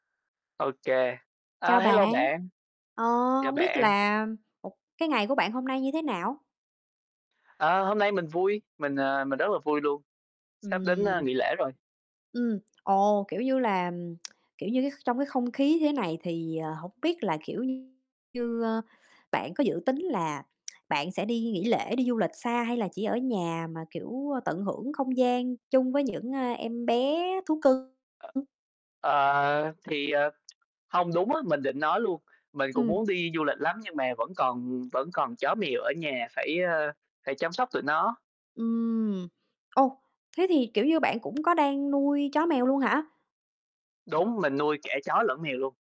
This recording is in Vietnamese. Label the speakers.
Speaker 1: Ô kê. Ờ,
Speaker 2: Chào bạn,
Speaker 1: hello bạn,
Speaker 2: ờ,
Speaker 1: chào
Speaker 2: hông biết
Speaker 1: bạn.
Speaker 2: là một cái ngày của bạn hôm nay như thế nào?
Speaker 1: À, hôm nay mình vui, mình, à, mình rất là vui luôn, sắp đến, a,
Speaker 2: Ừm.
Speaker 1: nghỉ lễ rồi.
Speaker 2: Ừm, ồ, kiểu như là, ừm, kiểu như, cái trong cái không khí thế này thì, ờ, hổng biết là, kiểu như, ơ, bạn có dự tính là bạn sẽ đi nghỉ lễ, đi du lịch xa, hay là chỉ ở nhà mà, kiểu, ơ, tận hưởng không gian chung với những, ơ, em bé thú cưng?
Speaker 1: Ờ, thì ờ, hông, đúng á, mình định nói luôn. Mình cũng
Speaker 2: Ừm.
Speaker 1: muốn đi du lịch lắm nhưng mà vẫn còn vẫn còn chó mèo ở nhà, phải, ơ, phải chăm sóc tụi nó.
Speaker 2: Ừm, ô, thế thì, kiểu như, bạn cũng có đang nuôi chó mèo luôn hả?
Speaker 1: Đúng, mình nuôi cả chó lẫn mèo luôn.